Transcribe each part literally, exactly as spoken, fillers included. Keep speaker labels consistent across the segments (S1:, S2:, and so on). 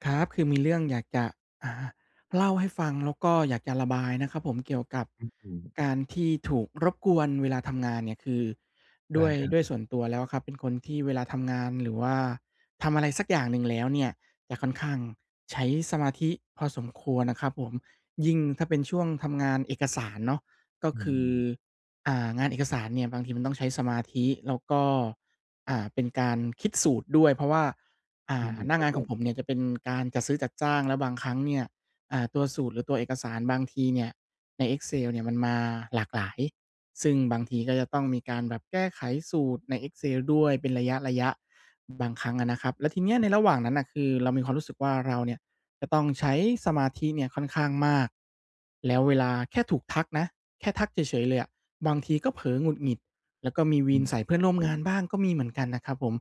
S1: ครับ คือมีเรื่องอยากจะ อ่า เล่าให้ฟังแล้วก็อยากจะระบายนะครับผม เกี่ยวกับ
S2: อือฮึ
S1: การที่ถูกรบกวนเวลาทำงานเนี่ย คือ
S2: ไ
S1: ด
S2: ด้
S1: ้วย
S2: ครับ
S1: ด้วยส่วนตัวแล้วอะครับ เป็นคนที่เวลาทำงานหรือว่าทำอะไรสักอย่างหนึ่งแล้วเนี่ย จะค่อนข้างใช้สมาธิพอสมควรนะครับผม ยิ่งถ้าเป็นช่วงทำงานเอกสารเนาะ ก็
S2: อ
S1: คือ
S2: ืม
S1: อ่า งานเอกสารเนี่ยบางทีมันต้องใช้สมาธิ แล้วก็ อ่า เป็นการคิดสูตรด้วย เพราะว่า อ่
S2: อื
S1: า
S2: ม
S1: หน้
S2: ค
S1: า
S2: รั
S1: ง
S2: บ
S1: าน
S2: ผ
S1: ของ
S2: ม
S1: ผมเนี่ยจะเป็นการจัดซื้อจัดจ้างแล้วบางครั้งเนี่ย อ่า ตัวสูตรหรือตัวเอกสารบางทีเนี่ยใน Excel เนี่ยมันมาหลากหลาย ซึ่งบางทีก็จะต้องมีการแบบแก้ไขสูตรใน Excel ด้วยเป็นระยะ ๆ บางครั้งอะนะครับ แล้วทีเนี้ยในระหว่างนั้นน่ะ คือเรามีความรู้สึกว่าเราเนี่ยจะต้องใช้สมาธิเนี่ยค่อนข้างมาก แล้วเวลา แค่ถูกทักนะ แค่ทักเฉย ๆ เลยอะ บางทีก็เผลอหงุดหงิด แล้วก็มีว
S2: อ
S1: ี
S2: ื
S1: น
S2: ม
S1: ใส่เพื่
S2: ค
S1: อ
S2: ร
S1: น
S2: ับ
S1: ร่วม
S2: ผ
S1: ง
S2: ม
S1: านบ้างก็มีเหมือนกันนะครับผม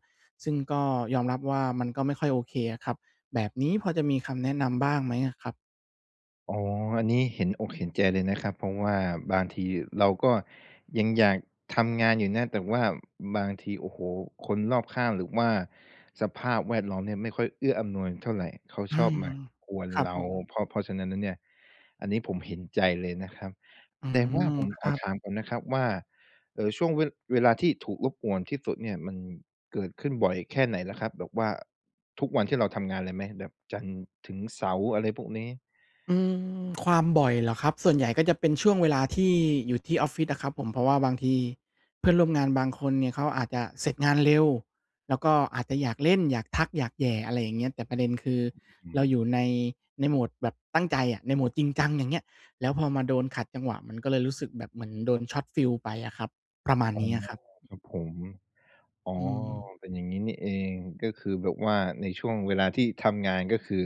S1: ซึ่งก็ยอมรับว่ามันก็ไม่ค่อยโอเคอะครับ แบบนี้พอจะมีคำแนะนำบ้างไหมอะครับ?
S2: อ๋อ อันนี้เห็นอกเห็นใจเลยนะครับ เพราะว่าบางทีเราก็ยังอยากทำงานอยู่นะ แต่ว่าบางที โอ้โฮ คนรอบข้าง หรือว่าสภาพแวดล้อมเนี่ยไม่ค่อยเอื้ออำนวยเท่าไร เขา
S1: อื
S2: ชอบ
S1: อ
S2: มากวน
S1: ครับ
S2: เรา
S1: ผม
S2: เพราะ เพราะฉะนั้นแล้วเนี่ย อันนี้ผมเห็นใจเลยนะครับ
S1: อื
S2: แต่ว่าผ
S1: ม
S2: ม
S1: ค
S2: ข
S1: ร
S2: อ
S1: ับ
S2: ถามก่อนนะครับว่า เออ ช่วง ว เวลาที่ถูกรบกวนที่สุดเนี่ย มัน เกิดขึ้นบ่อยแค่ไหนละครับ? แบบว่าทุกวันที่เราทำงานเลยไหม? แบบจันทร์ถึงเสาร์ อะไรพวกนี้
S1: อืม ความบ่อยเหรอครับ? ส่วนใหญ่ก็จะเป็นช่วงเวลาที่อยู่ที่ออฟฟิศอะครับผม เพราะว่าบางที เพื่อนร่วมงานบางคนเนี่ยเขาอาจจะเสร็จงานเร็ว แล้วก็อาจจะอยากเล่น อยากทัก อยากแหย่ อะไรอย่างเงี้ย แต่ประเด็นคือ
S2: อื
S1: เรา
S2: อ
S1: อยู่ ใน ในโหมดแบบตั้งใจอะ ในโหมดจริงจัง อย่างเงี้ย แล้วพอมาโดนขัดจังหวะ มันก็เลยรู้สึกแบบเหมือนโดน Shot Feel ไปอะครับ ประมาณ
S2: อ๋อ
S1: นี้อะครับ
S2: ครับผม อ๋อ
S1: อืม
S2: เป็นอย่างงี้นี่เอง ก็คือแบบว่าในช่วงเวลาที่ทำงาน ก็คือ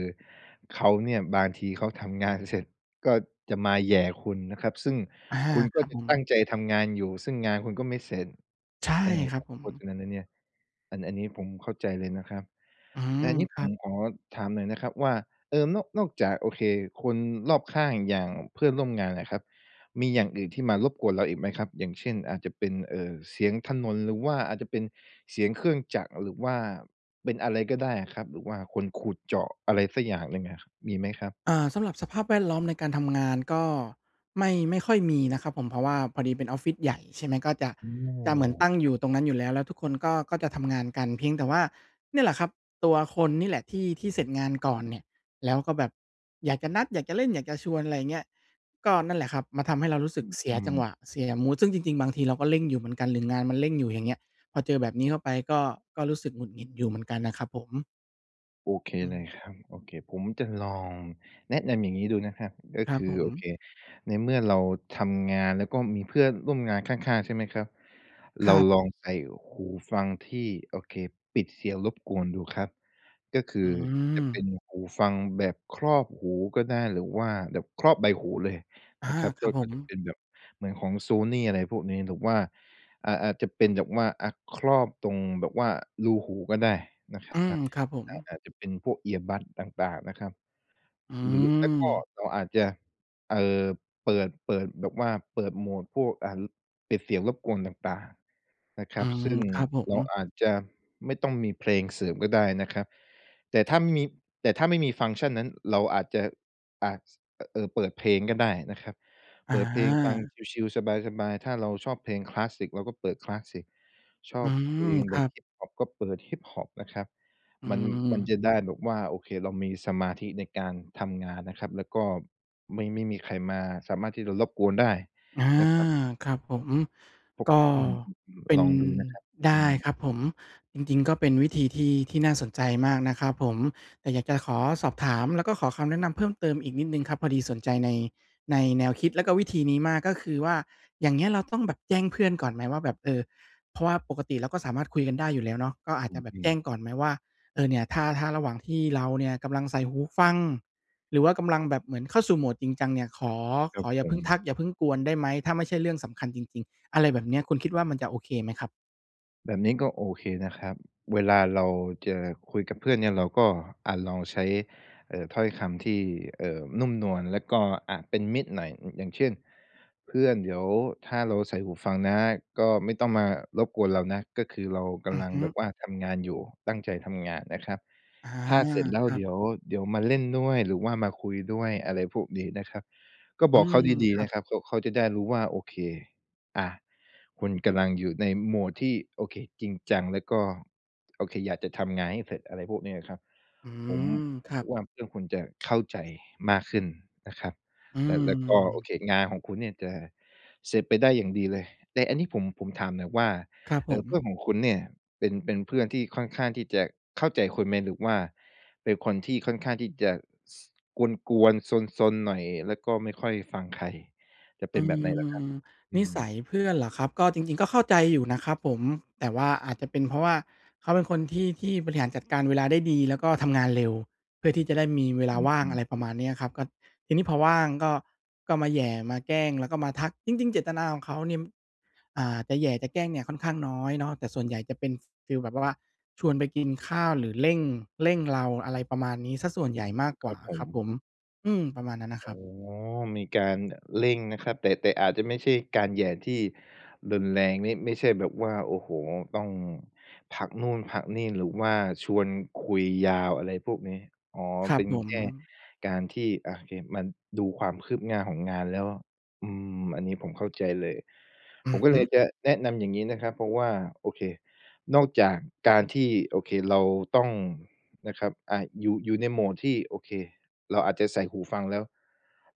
S2: เขาเนี่ย บางทีเขาทำงานเสร็จก็จะมาแหย่คุณนะครับ ซึ่ง
S1: อา
S2: คุณ
S1: ค
S2: ก็
S1: รับ
S2: จะ
S1: ผ
S2: ตั
S1: ม
S2: ้งใจทำงานอยู่ ซึ่งงานคุณก็ไม่เสร็จ
S1: ใช่
S2: เออ
S1: ครับผ
S2: เ
S1: ม
S2: พราะฉะนั้นนะเนี่ย อัน อันนี้ผมเข้าใจเลยนะครับ
S1: อื้อฮื
S2: แต่อ
S1: อ
S2: ันนี้
S1: ค
S2: ผ
S1: รั
S2: ม
S1: บ
S2: ขอถามหน่อยนะครับว่า เอ่อ นอก นอกจากโอเคคนรอบข้างอย่างเพื่อนร่วมงานอะครับ มีอย่างอื่นที่มารบกวนเราอีกไหมครับ? อย่างเช่น อาจจะเป็น เอ่อ เสียงถนน หรือว่าอาจจะเป็นเสียงเครื่องจักร หรือว่าเป็นอะไรก็ได้อะครับ หรือว่าคนขุดเจาะ อะไรสักอย่างหนึ่งอะ มีไหมครับ?
S1: อา สำหรับสภาพแวดล้อมในการทำงาน ก็ไม่ ไม่ค่อยมีนะครับผม เพราะว่าพอดีเป็นออฟฟิศใหญ่ ใช่ไหม ก็ จะ
S2: อ้อ
S1: จะเหมือนตั้งอ
S2: ค
S1: ย
S2: ร
S1: ู
S2: ับ
S1: ่ตรงนั้นอยู่แล้ว แล้วทุกคน ก็ ก็จะทำงานกัน เพียงแต่ว่า เนี่ยแหละครับ ตัวคนนี่แหละ ที่ ที่เสร็จงานก่อนเนี่ย แล้วก็แบบอยากจะนัด อยากจะเล่น อยากจะชวน อะไรอย่างเงี้ย ก็นั่นแหละครับ มาทำให้เรารู้ส
S2: อ
S1: ึ
S2: ื
S1: ก
S2: อ
S1: เสี
S2: อ
S1: ย
S2: ื
S1: จัง
S2: ม
S1: หวะ เสียมู้ด ซึ่งจริง ๆ บางทีเราก็เร่งอยู่เหมือนกัน หรืองานมันเร่งอยู่ อย่างเงี้ย พอเจอแบบนี้เข้าไป ก็ ก็รู้สึกหงุดหงิดอยู่เหมือนกันนะครับผม
S2: โอเค
S1: อื
S2: เลย
S1: ม
S2: ครับ โอเค ผมจะลองแนะนำอย่างงี้ดูนะครับ ก็
S1: คร
S2: ค
S1: ับ
S2: ื
S1: ผ
S2: อ โ
S1: ม
S2: อเค ในเมื่อเราทำงาน แล้วก็มีเพื่อนร่วมงานข้าง ๆ ใช่ไหมครับ?
S1: ค
S2: เร
S1: ร
S2: า
S1: ับ
S2: ลองใส่หูฟังที่ โอเค ปิดเสียงรบกวนดูครับ ก็คื
S1: อื
S2: อจะเป
S1: ม
S2: ็นหูฟังแบบครอบหูก็ได้ หรือว่าแบบครอบใบหูเลย
S1: อา
S2: นะครับ
S1: ค
S2: ก
S1: รั
S2: ็
S1: บผ
S2: ก็
S1: ม
S2: จะเป็นแบบเหมือนของโซนี่ อะไรพวกนี้ หรือว่า อ่า อาจจะเป็นแบบว่า อะ ครอบตรงแบบว่ารูหูก็ได้นะครั
S1: อ
S2: บ
S1: ื
S2: อ
S1: ม
S2: า
S1: ครับผ
S2: อาจ
S1: ม
S2: อาจจะเป็นพวก earbud ต่าง ๆ นะครับ
S1: อื
S2: หรือไม่ก็
S1: ม
S2: เราอาจจะ เอ่อ เปิด เปิดแบบว่าเปิดโหมดพวก อ่า ปิดเสียงรบกวนต่าง ๆ นะค
S1: อ
S2: ร
S1: ื
S2: ับ
S1: ม
S2: ซึ่ง
S1: ครับผ
S2: เรา
S1: ม
S2: อาจจะไม่ต้องมีเพลงเสริมก็ได้นะครับ แต่ถ้า มี แต่ถ้าไม่มีฟังก์ชันนั้นเราอาจจะ อ่า ส เอ่อ เปิดเพลงก็ได้นะครับ
S1: อ
S2: เปิดเพลงฟัง
S1: า
S2: ชิล ๆ สบาย ๆ ถ้าเราชอบเพลงคลาสสิก เราก็เปิดคลาสสิก ชอ
S1: อื
S2: บเพล
S1: ม
S2: ง
S1: ค
S2: แบ
S1: รั
S2: บ
S1: บ
S2: ฮิปฮอป ก็เปิดฮิปฮอปนะครับ
S1: อื
S2: มัน มัน
S1: ม
S2: จะได้แบบว่า โอเค เรามีสมาธิในการทำงานนะครับ แล้วก็ไม่ ไม่มีใครมาสามารถที่จะรบกวนได้
S1: อา
S2: นะครับ
S1: ครับผม
S2: ผม
S1: ก็
S2: อืม
S1: เ
S2: ๆ
S1: ป็
S2: ๆ ล
S1: น
S2: องดูนะครับ
S1: ได
S2: อื
S1: ้
S2: ม
S1: ครับผม จริง ๆ ก็เป็นวิธีที่ ที่น่าสนใจมากนะครับผม แต่อยากจะขอสอบถาม แล้วก็ขอคำแนะนำเพิ่มเติมอีกนิดหนึ่งครับ พอดีสนใจใน ในแนวคิด และก็วิธีนี้มาก ก็คือว่า อย่างเงี้ยเราต้องแบบแจ้งเพื่อนก่อนไหมว่า แบบ เออ เพราะว่าปกติเราก็สามารถคุยกันได้อยู่แล้วเนาะ ก็อาจ
S2: อ
S1: จะแบบ
S2: ื
S1: แจ
S2: ม
S1: ้ง
S2: ๆ
S1: ก่อนไหมว่า เออ เนี่ยถ้า ถ้าระหว่างที่เราเนี่ยกำลังใส่หูฟัง หรือว่ากำลังแบบเหมือนเข้าสู่โหมดจริงจังเนี่ย ขอ
S2: คร
S1: ข
S2: ับ
S1: ออย่
S2: ผ
S1: าเพิ่ง
S2: ม
S1: ทัก อย่าเพิ่งกวนได้ไหม ถ้าไม่ใช่เรื่องสำคัญจริง ๆ อะไรแบบเนี้ย คุณคิดว่ามันจะโอเคไหมครับ?
S2: แบบนี้ก็โอเคนะครับ เวลาเราจะคุยกับเพื่อนเนี่ย เราก็ อะ ลองใช้ เอ่อ ถ้อยคำที่ เอ่อ นุ่มนวล แล้วก็ อะ เป็นมิตรหน่อย อย่างเช่น "เพื่อนเดี๋ยวถ้าเราใส่หูฟังนะ ก็ไม่ต้องมารบกวนเรานะ ก็คือเราก
S1: อื
S2: ำ
S1: อ
S2: ลัง
S1: ฮึ
S2: แบบว่าทำงานอยู่ ตั้งใจทำงานนะครับ
S1: อ๋อ
S2: ถ้าเสร็จแล้
S1: ค
S2: ว
S1: รั
S2: เ
S1: บ
S2: ดี๋ยว เดี๋ยวมาเล่นด้วยหรือว่ามาคุยด้วย" อะไรพวกนี้นะครับ ก็
S1: อื
S2: บอก
S1: ม
S2: เขาดี
S1: คร
S2: ๆ
S1: ั
S2: น
S1: บ
S2: ะครับ เพราะเขาจะได้รู้ว่าโอเค อะ คุณกำลังอยู่ในโหมดที่ โอเค จริงจัง แล้วก็ โอเคอยากจะทำงานให้เสร็จ อะไรพวกนี้อะครับ
S1: อื
S2: ผม
S1: ม
S2: ผ
S1: ค
S2: ม
S1: รั
S2: คิ
S1: บ
S2: ดว่าเพื่อนคุณจะเข้าใจมากขึ้นนะครับ
S1: อื
S2: แล้ว แล้วก็โอ
S1: ม
S2: เค งานของคุณเนี่ยจะเสร็จไปได้อย่างดีเลย แต่อันนี้ผม ผมถามหน่อยว่า
S1: ครับ
S2: เ
S1: ผ
S2: อ่อ
S1: ม
S2: เพื่อนของคุณเนี่ย เป็น เป็นเพื่อนที่ค่อนข้างที่จะเข้าใจคุณไหม? หรือว่าเป็นคนที่ค่อนข้างที่ ซ จะกวน ๆ ซน ๆ หน่อย แล้วก็ไม่ค่อยฟังใคร จะเ
S1: อ
S2: ป็
S1: ื
S2: นแบบไหนเหรอครับ?
S1: ม
S2: อ
S1: น
S2: ื
S1: ิสั
S2: ม
S1: ยเพื่อนเหรอครับ ก็จริง ๆ ก็เข้าใจอยู่นะครับผม แต่ว่าอาจจะเป็นเพราะว่า เขาเป็นคนที่ ที่บริหารจัดการเวลาได้ดี แล้วก็ทำงานเร็ว เพื่อที่จะได้มีเวล
S2: อ
S1: าว่าง
S2: ื
S1: อะ
S2: ม ๆ
S1: ไรประมาณนี้อะครับ ก็ทีนี้พอว่างก็ ก็มาแหย่ มาแกล้ง แล้วก็มาทัก จริง ๆ เจตนาของเขาเนี่ย อ่า จะแหย่จะแกล้งเนี่ยค่อนข้างน้อยเนาะ แต่ส่วนใหญ่จะเป็นฟีลแบบว่าชวนไปกินข้าวหรือเร่ง เร่งเรา อะไรประมาณนี้ เสียส่วน
S2: อื
S1: ใหญ
S2: ม
S1: ่มาก
S2: ค
S1: กว
S2: รั
S1: ่า
S2: บผ
S1: ครับผ
S2: ม
S1: ม อืม ประมาณนั้นนะ
S2: อ
S1: ค
S2: ๋อ
S1: รับ
S2: มีการเร่งนะครับ แต่ แต่อาจจะไม่ใช่การแหย่ที่รุนแรงนี่ ไม่ใช่แบบว่า โอ้โฮ ต้องพักนู่นพักนี่หรือว่าชวนคุยยาว อะไรพวกนี้ อ๋อ
S1: ครั
S2: เป
S1: บ
S2: ็น
S1: ผ
S2: แค่
S1: ม
S2: การที่ อะ เห็นมันดูความคืบหน้าของงานแล้ว อืม อันนี้ผมเข้าใจเลย
S1: อื
S2: ผม
S1: อ
S2: ก็
S1: ฮ
S2: เ
S1: ึ
S2: ลยจะแนะนำอย่างนี้นะครับ เพราะว่า โอเค นอกจากการที่ โอเค เราต้อง นะครับ อ่า อยู่ อยู่ในโหมดที่ โอเค เราอาจจะใส่หูฟังแล้ว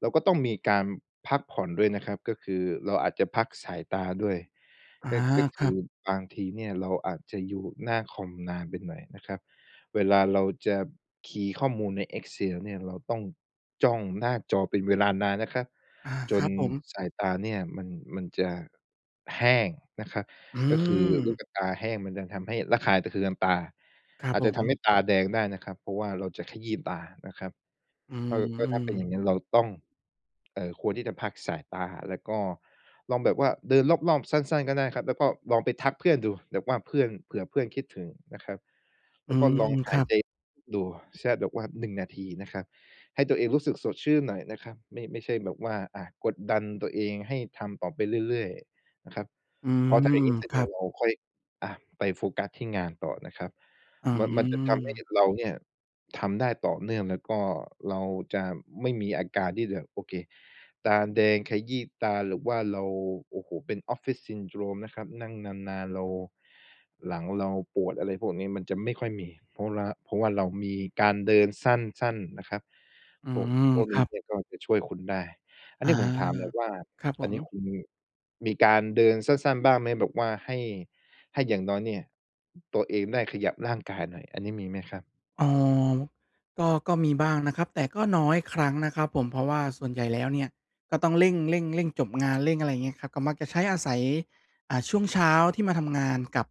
S2: เราก็ต้องมีการพักผ่อนด้วยนะครับ ก็คือเราอาจจะพักสายตาด้วย
S1: อา
S2: ก็ ก็ค
S1: คร
S2: ื
S1: ั
S2: อ
S1: บ
S2: บางทีเนี่ยเราอาจจะอยู่หน้าคอมนานไปหน่อยนะครับ เวลาเราจะคีย์ข้อมูลใน Excel เนี่ย เราต้องจ้องหน้าจอเป็นเวลานานนะครับ
S1: อา
S2: จ
S1: คร
S2: น
S1: ับผม
S2: สายตาเนี่ยมัน มันจะแห้งนะครับ
S1: อื
S2: ก็คือลูก
S1: ม
S2: กะตาแห้งมันจะทำให้ระคายเคืองตา
S1: ครับ
S2: อาจ
S1: ผ
S2: จะทำ
S1: ม
S2: ให้ตาแดงได้นะครับ เพราะว่าเราจะขยี้ตานะครับ
S1: อื
S2: ก็ ก็ถ้
S1: ม
S2: าเป็นอ
S1: ๆ
S2: ย่างงั้นเราต้อง เอ่อ ควรที่จะพักสายตา แล้วก็ลองแบบว่าเดินรอบ ๆ สั้น ๆ ก็ได้ครับ แล้วก็ลองไปทักเพื่อนดู แบบว่าเพื่อน เผื่อเพื่อนคิดถึงนะครับ แ
S1: อ
S2: ล
S1: ื
S2: ้วก็
S1: ม
S2: ลองห
S1: ค
S2: า
S1: รั
S2: ย
S1: บ
S2: ใจดู ใช่ แบบว่า หนึ่ง นาทีนะครับ ให้ตัวเองรู้สึกสดชื่นหน่อยนะครับ ไม่ ไม่ใช่แบบว่า อะ กดดันตัวเองให้ทำต่อไปเรื่อย ๆ นะครับ
S1: อื
S2: เพราะถ้า
S1: ม
S2: อย่างงี้เสร็จ
S1: ค
S2: เ
S1: ร
S2: น
S1: ั
S2: ี่ย
S1: บ
S2: เราค่อย อะ ไปโฟกัสที่งานต่อนะครับ
S1: อื
S2: มัน มันจะทำให้
S1: ม
S2: เราเนี่ย ทำได้ต่อเนื่อง แล้วก็เราจะไม่มีอาการที่แบบ โอเค ตาแดง ขยี้ตา หรือว่าเรา โอ้โฮ เป็น Office Syndrome นะครับ นั่งนาน ๆ เรา หลังเราปวด อะไรพวกนี้ มันจะไม่ค่อยมี เพราะว่าล้า เพราะว่าเรามีการเดินสั้น ๆ นะครับ
S1: อื
S2: พวก
S1: ม
S2: พวก
S1: ค
S2: น
S1: ร
S2: ี้
S1: ับ
S2: เนี่ยก็จะช่วยคุณได้ อัน
S1: อ
S2: น
S1: า
S2: ี้ผมถามหน่อยว่า
S1: ครับผ
S2: อันนี
S1: ม
S2: ้คุณมี มีการเดินสั้น ๆ บ้างไหม? แบบว่าให้ ให้อย่างน้อยเนี่ย ตัวเองได้ขยับร่างกายหน่อย อันนี้มีไหมครับ?
S1: อ้อ ก็ ก็มีบ้างนะครับ แต่ก็น้อยครั้งนะครับผม เพราะว่าส่วนใหญ่แล้วเนี่ย ก็ต้องเร่ง ๆ ๆ จบงาน เร่ง อะไรอย่างเงี้ยครับ ก็มักจะใช้อาศัย อา ช่วงเช้าที่มาทำงานกับ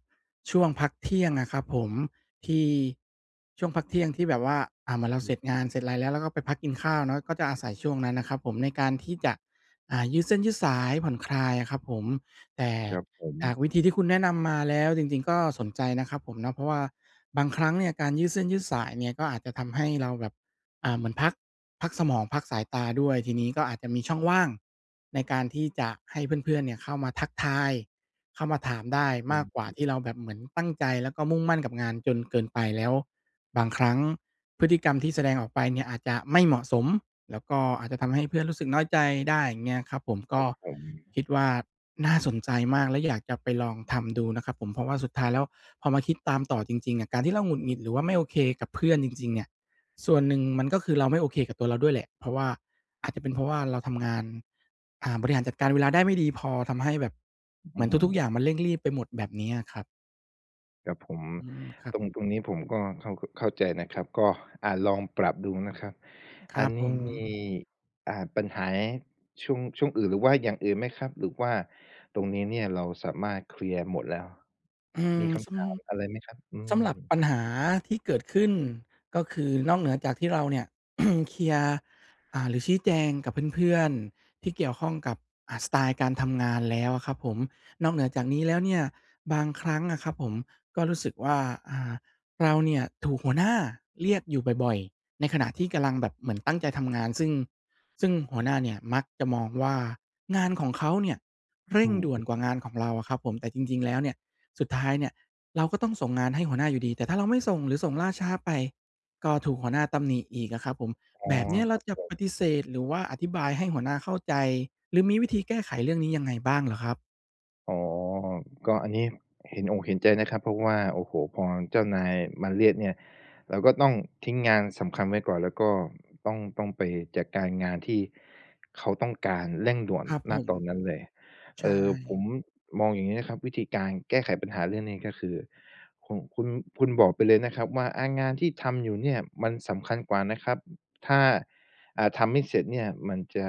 S1: ช่วงพักเที่ยงอะครับผม ที่ ช่วงพักเที่ยงที่แบบว่า อะ เหมือนเร
S2: อ
S1: า
S2: ื
S1: เสร
S2: ม
S1: ็จงาน เสร็จอะไรแล้ว เราก็ไปพักกินข้าวเนาะ ก็จะอาศัยช่วงนั้นนะครับผม ในการที่จะ อ่า ยืดเส้นยืดสาย ผ่อนคลายอะครับผม แต่
S2: ครับผ
S1: จาก
S2: ม
S1: วิธีที่คุณแนะนำมาแล้วจริง ๆ ก็สนใจนะครับผมเนาะ เพราะว่าบางครั้งเนี่ยการยืดเส้นยืดสายเนี่ย ก็อาจจะทำให้เราแบบ อ่า เหมือนพัก พักสมอง พักสายตาด้วย ทีนี้ก็อาจจะมีช่องว่างในการที่จะให้เพื่อน ๆ เนี่ยเข้ามาทักทาย เข้ามาถามได้
S2: อ
S1: มา
S2: ื
S1: กกว่า
S2: ม
S1: ที่เราแบบเหมือนตั้งใจ แล้วก็มุ่งมั่นกับงานจนเกินไป แล้วบางครั้งพฤติกรรมที่แสดงออกไปเนี่ยอาจจะไม่เหมาะสม แล้วก็อาจจะทำให้เพื่อนรู้สึกน้อยใจได้ อย่างเงี้ยครับผม ก
S2: คร
S1: ็
S2: ับผม
S1: คิดว่าน่าสนใจมาก และอยากจะไปลองทำดูนะครับผม เพราะว่าสุดท้ายแล้ว พอมาคิดตามต่อจริง ๆ อะ การที่เราหงุดหงิด หรือว่าไม่โอเคกับเพื่อนจริง ๆ เนี่ย ส่วนหนึ่งมันก็คือเราไม่โอเคกับตัวเราด้วยแหละ เพราะว่า อาจจะเป็นเพราะว่าเราทำงาน อ่า บริหารจัดการเวลาได้ไม่ดีพอ ทำให้แบบ
S2: อ
S1: เห
S2: ื
S1: มือนทุก ๆ อย
S2: ม
S1: ่างมันเร่งรีบไปหมด แบบนี้อะครับ
S2: ครับผม
S1: อืม ครั
S2: ต
S1: บ
S2: รง ตรงนี้ผมก็เข้า เข้าใจนะครับ ก็ อะ ลองปรับดูนะครับ
S1: ค
S2: อ
S1: ร
S2: ั
S1: ั
S2: น
S1: บ
S2: น
S1: ผ
S2: ี้
S1: ม
S2: มี อ่า ปัญหาย ช่วง ช่วงอื่น หรือว่าอย่างอื่นไหมครับ? หรือว่าตรงนี้เนี่ย เราสามารถเคลียร์หมดแล้ว
S1: อื
S2: มี
S1: ม
S2: ค
S1: ส
S2: ำถามอะไรไหมครับ? อื
S1: ำ สำหรับ
S2: ม
S1: ปัญหาที่เกิดขึ้น ก็คือนอกเหนือจากที่เราเนี่ย เคลียร์ อ่า หรือชี้แจงกับเพื่อน ๆ ที่เกี่ยวข้องกับ อ่า สไตล์การทำงานแล้วอะครับผม นอกเหนือจากนี้แล้วเนี่ย บางครั้งอะครับผม ก็รู้สึกว่า อ่า เราเนี่ย ถูกหัวหน้าเรียกอยู่บ่อย ๆ ในขณะที่กำลังแบบเหมือน ตั้งใจทำงาน ซึ่ง ซึ่งหัวหน้าเนี่ย มักจะมองว่างานของเขาเนี่ย เร
S2: อ
S1: ่
S2: ื
S1: ง
S2: อ
S1: ด่ว
S2: ฮ
S1: น
S2: ึ
S1: กว่างานของเราอะครับผม แต่จริง ๆ แล้วเนี่ย สุดท้ายเนี่ย เราก็ต้องส่งงานให้หัวหน้าอยู่ดี แต่ถ้าเราไม่ส่ง หรือส่งล่าช้าไป ก็ถูกหัวหน้าตำหนิอีกอะครับผม
S2: อ๋อ
S1: แบบนี้เ
S2: ค
S1: ร
S2: ร
S1: า
S2: ับ
S1: จะ
S2: ผม
S1: ปฏิเสธ หรือว่าอธิบายให้หัวหน้าเข้าใจ หรือมีวิธีแก้ไขเรื่องนี้ยังไงบ้างเหรอครับ?
S2: อ๋อ ก็อันนี้เห็นอกเห็นใจนะครับ เพราะว่า โอ้โฮ พอเจ้านายมาเรียกเนี่ย เราก็ต้องทิ้งงานสำคัญไว้ก่อน แล้วก็ต้อง ต้องไปจัดการงานที่เขาต้องการเร่งด่วน
S1: ครับ
S2: ณ
S1: ผม
S2: ตอนนั้นเลย
S1: ใช
S2: เอ่อ ผม
S1: ่
S2: มองอย่างนี้นะครับ วิธีการแก้ไขปัญหาเรื่องนี้ ก็คือ ขุ คุณ คุณบอกไปเลยนะครับว่า อา งานที่ทำอยู่เนี่ย มันสำคัญกว่านะครับ ถ้า อ่า ทำไม่เสร็จเนี่ย มันจะ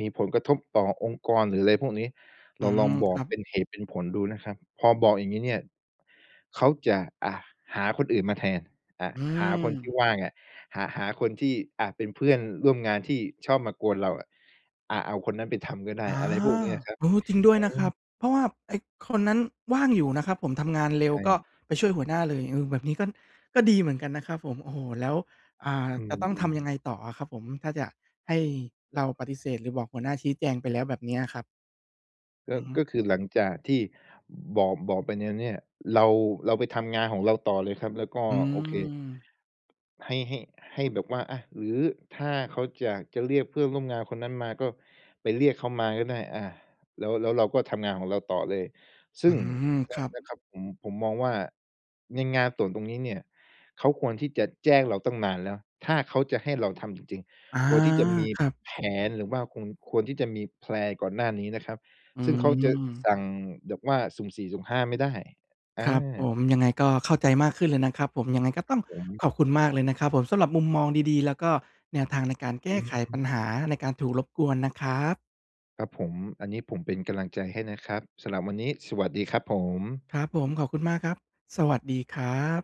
S2: มีผลกระทบต่อองค์กรหรือไรพวกนี้
S1: อ
S2: เ
S1: ื
S2: ราล
S1: ม
S2: องบ
S1: ค
S2: อ
S1: ร
S2: ก
S1: ับ
S2: เป็นเหตุเป็นผลดูนะครับ พอบอกอย่างนี้เนี่ย เขาจะ อะ หาคนอื่นมาแทน อะ
S1: อื
S2: หาคนที่
S1: ม
S2: ว่างอะ หะ หาคนที่ อะ เป็นเพื่อนร่วมงานที่ชอบมากวนเราอะ อะ เอาคนนั้นไปทำก็ได้
S1: อา
S2: อะไรพวกนี้อะครับ
S1: เออ
S2: อ
S1: จริงด้วย
S2: ื
S1: นะครับ
S2: ม
S1: เพราะว่าไอ้ คนนั้นว่างอยู่นะครับผม ทำงานเร็
S2: ใช
S1: วก็
S2: ่
S1: ไปช่วยหัวหน้าเลย เออ แบบนี้ก็ ก็ดีเหมือนกันนะครับผม โอ้โฮ แล้ว อ่า
S2: อื
S1: จะต้องท
S2: ม
S1: ำยั
S2: ๆ
S1: งไงต่ออะครับผม ถ้าจะ ให้เราปฏิเสธหรือบอกหัวหน้า ชี้แจงไปแล้วแบบนี้อะครับ
S2: ก็
S1: อือฮึ
S2: ก็คือหลังจากที่บอก บอกไปแน้ว เนี่ย เรา เราไปทำงานของเราต่อเลยครับ แล้วก็
S1: อื
S2: โอเค
S1: ม
S2: ให้ ให้ ให้แบบว่า อะ หรือถ้าเขาอยากจะเรียกเพื่อนร่วมงานคนนั้นมา ก็ไปเรียกเขามาก็ได้ อา แล้ว แล้วเราก็ทำงานของเราต่อเลย ซึ
S1: อ
S2: ่
S1: ื
S2: ง
S1: ม
S2: น
S1: คร
S2: ะ
S1: ับ
S2: นะครับผม ผมมองว่าในงานส่วนตรงนี้เนี่ย เขาควรที่จะแจ้งเราตั้งนานแล้ว ถ้าเขาจะให้เราทำจริง
S1: อา
S2: ๆ ควรที่จะมี
S1: ครับ
S2: แผน หรือว่าควรที่จะมี แพลน ก่อนหน้านี้นะครับ
S1: อื
S2: ซึ่งเขาจะส
S1: ม
S2: ั่งแบบว่าสุ่มสี่สุ่มห้าไม่ได้ อ
S1: ครับผ
S2: า
S1: ม ยังไงก็เข้าใจมากขึ้นเลยนะครับผม ยังไงก็
S2: คร
S1: ต
S2: ั
S1: ้
S2: บ
S1: อง
S2: ผม
S1: ขอบคุณมากเลยนะครับผม สำหรับมุมมองดี ๆ แล้วก็แนวทาง ในการแก
S2: อื
S1: ้ไข
S2: ม
S1: ปัญหาในการถูกรบกวนนะครับ
S2: ครับผม อันนี้ผมเป็นกำลังใจให้นะครับ สำหรับวันนี้ สวัสดีครับผม
S1: ครับผม ขอบคุณมากครับ สวัสดีครับ